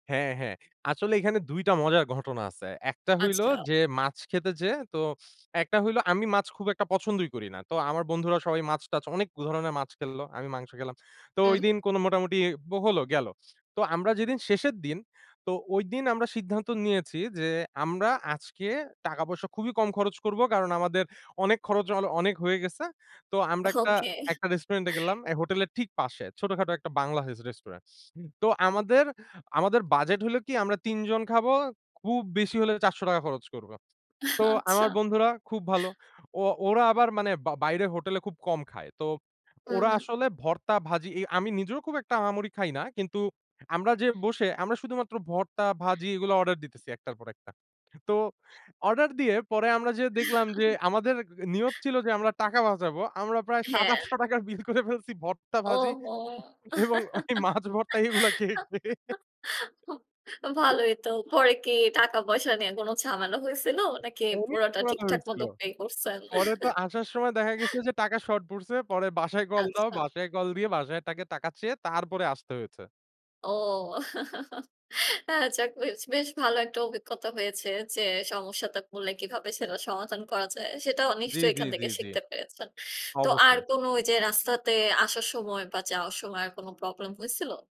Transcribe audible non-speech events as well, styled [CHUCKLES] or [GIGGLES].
হ্যাঁ, হ্যাঁ, আসলে এখানে ২ টা মজার ঘটনা আছে। ১ টা হইলো আচ্ছা। যে মাছ খেতে যেয়ে তো একটা হইলো আমি মাছ খুব একটা পছন্দই করি না। তো আমার বন্ধুরা সবাই মাছ টাছ অনেক ধরনের মাছ খেলল। আমি মাংস খেলাম। তো হুম। ঐদিন কোন মোটামুটি হলো গেলো তো আমরা যেদিন শেষের দিন তো ঐদিন আমরা সিদ্ধান্ত নিয়েছি যে আমরা আজকে টাকা পয়সা খুবই কম খরচ করব কারণ আমাদের অনেক খরচ অ অনেক হয়ে গেছে। তো আমরা একটা, ওকে। একটা রেস্টুরেন্টে গেলাম এই হোটেলের ঠিক পাশে ছোটখাটো একটা বাংলা রেস্টুরেন্ট। তো আমাদের, আমাদের বাজেট হল কি আমরা ৩ জন খাবো, খুব বেশি হলে ৳৪০০ খরচ করব। তো আচ্ছা। আমার বন্ধুরা খুব ভালো। ও ওরা আবার মানে বা বাইরে হোটেলে খুব কম খায়। তো হুম, ওরা হুম। আসলে ভর্তা ভাজি, আমি নিজেও খুব একটা আহামরি খাই না। কিন্তু আমরা যে বসে আমরা শুধুমাত্র ভর্তা ভাজি এগুলো অর্ডার দিতেছি একটার পর একটা। তো অর্ডার দিয়ে পরে আমরা যেয়ে দেখলাম যে [CHUCKLES] আমাদের নিয়ত ছিল যে আমরা টাকা বাঁচাবো। আমরা প্রায় ৭ হ্যাঁ। ৳৮০০ র বিল করে ফেলছি ভর্তা ভাজি ওহো! এবং ওই মাছ ভর্তা এগুলা খেয়ে, খেয়ে। [GIGGLES] [HICCUPS] ভালোই তো, পরে কি টাকা পয়সা নিয়ে কোন ঝামেলা হয়েছিল? নাকি অনেক পুরাটা [UNINTELLIGIBLE] ঠিকঠাক হয়েছিল মতো pay করছেন? পরে তো [CHUCKLES] আসার সময় দেখা গেছে যে টাকা শর্ট পড়ছে, পরে বাসায় কল দাও আচ্ছা। বাসায় কল দিয়ে বাসায় টাকে টাকা চেয়ে তারপরে আসতে হয়েছে। ও, [LAUGHS] হ্যাঁ আচ্ছা বেশ, বেশ ভালো একটা অভিজ্ঞতা হয়েছে যে সমস্যাতে পরলে কীভাবে সেটা সমাধান করা যায়, সেটাও জি, নিশ্চয়ই জি, এখান জি, থেকে জি, শিখতে পেরেছেন। তো আর অবশ্যই। কোন যে রাস্তাতে আসার সময় বা যাওয়ার সময় আর কোন প্রবলেম হয়েছিল?